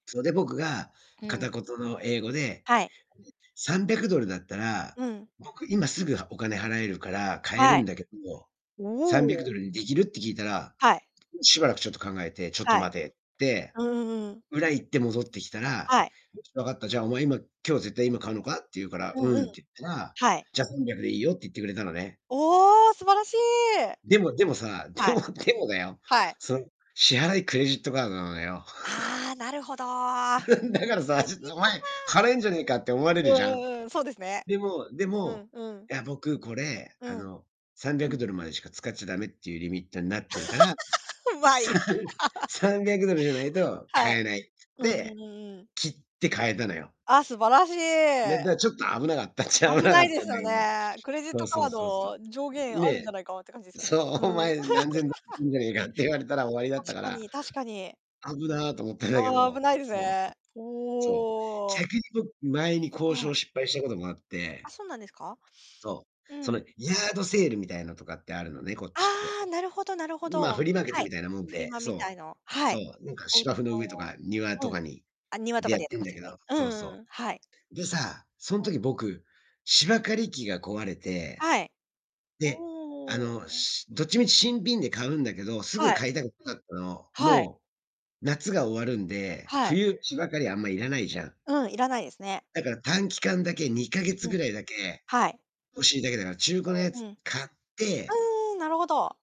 そ、で、僕がう片ん。言の英語ではい。「300ドルだったら、うん。僕、今すぐ、はお金払えるから買えはるい。んだけど、さんびゃくおお。ドルにできる？」って聞いたら、はい。しばらくちょっと考えて「ちょっとはい。待て」って、うんうんうんうん。裏行って、戻ってきたらはい。「分かった、じゃあ、お前、今、今日、絶対、今買うのか？」って言うから、うん「ううん。ん」って言ったら、はい。「じゃあ300で良いよ」って言ってくれたのね。おお、素晴らしい！でもでもさ、ではい。もでもだよ、はい。その、支払いクレジットカードなのだよ。ああ、なるほど。だからリさ、ちょっミッと「おト前、か。払えんじゃねえか」って思われるうんじゃん。うんうん、そうですね。でもでうも、んうん。「いや、僕、これ、うあん。の、300ドルまでしか使っちゃダメっていうリミットになってるから、うまさい。ん、300ドルじゃないとは買い。えない」つっうんうんて、うんうん。きって買えたのよ。ああ、素晴らしで、い。だちょっと危なかったっちゃ危危ななかいっでたすんだよけど。ね。クレジッそトうそカーうそうそド、上う。限あるんじゃね。ないか、って感じですよそね。う、「おうん。前、何千ド ル [unintelligible] か」って言われたら終わりだっ確たかから。に確かに。「危な」と思ったんだけああ、危ど。ないですそうそう。ね。そおう。お。逆に僕、前に交は渉い。を失敗したこともあっあ、て。そうなんですか？そう。うそん。の、ヤードセールみたいのとかってあるのね、こっちって。ああ、なるほどなるほん、まあ、フど。リーマーケッはトい。みたいなもんフリで、マみたそいのう。はそい。う。なんか、お家芝生の上とか庭の。とうん。かにあ、庭とでかやっでやっててんますだよけど、ね。うそうんうんそうん、はい。う。で、さあ、そんはい。時僕、芝刈り機が壊れて、はい。で、あおの、お。しどっちみち新品で買うんだけど、すぐはい。買いたくなかったの。はい。もう、夏が終わるんで、はい。冬、芝刈りあんま、いらないじゃん。うん、いらないですね。だから、短期間だけ、2ヶ月うん、ぐらいだけ、はい。欲しいだけだから、中古のやうつん。買ってうーん、なるほど。